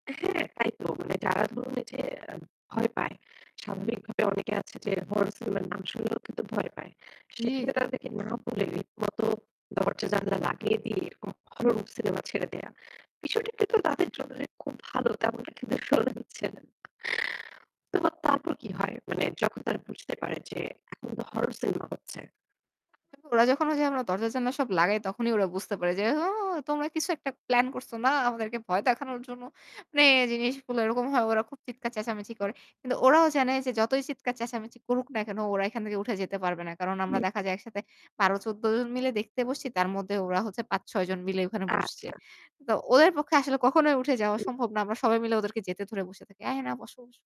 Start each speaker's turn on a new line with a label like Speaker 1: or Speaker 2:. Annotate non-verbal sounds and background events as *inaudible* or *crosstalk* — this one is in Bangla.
Speaker 1: হ্যাঁ তাইতো মানে যারা ধরুন এইযে আ ভয় পায়। স্বাভাবিকভাবে অনেকে আছে যে হরর সিনেমার নাম শুনলেও কিন্তু ভয় পায়।
Speaker 2: জি,
Speaker 1: সেখানে
Speaker 2: জি।
Speaker 1: তাদেরকে না বলে। *unintelligible* দরজা জানালা লাগিয়ে দিয়ে এরকম হরর সিনেমা ছেড়ে দেয়া। বিষয়টা কিন্তু তাদের জন্য খুব ভালো। তেমনটা কিন্তু *unintelligible* দিচ্ছে না। তো তারপর কি হয়? মানে যখন তারা বুঝতে পারে যে এখন তো হরর সিনেমা হচ্ছে।
Speaker 2: *unintelligible* ওরা যখন যে দরজা জানলা সব লাগায় তখনই ওরা বুঝতে পারে যে, "ও! তোমরা কিছু একটা প্ল্যান করছ না? আমাদেরকে ভয় দেখানোর জন্য।" মানে জিনিসগুলো এরকম হয়। ওরা খুব চিৎকার চেঁচামেচি করে। কিন্তু ওরাও জানে যে যতই চিৎকার চেঁচামেচি করুক না কেনো ওরা এখান থেকে উঠে যেতে পারবে না। কারণ আমরা
Speaker 1: হুম।
Speaker 2: দেখা যায় একসাথে ১২ ১৪ জন মিলে দেখতে বসছি। তার মধ্যে ওরা হচ্ছে ৫ ৬ জন মিলে ওখানে বসছে।
Speaker 1: আচ্ছা।
Speaker 2: তো ওদের পক্ষে আসলে কখনোই উঠে যাওয়া
Speaker 1: হু।
Speaker 2: সম্ভব না। আমরা সবাই মিলে ওদেরকে যেতে ধরে বসে থাকি। "আরে না বসো, বসো।"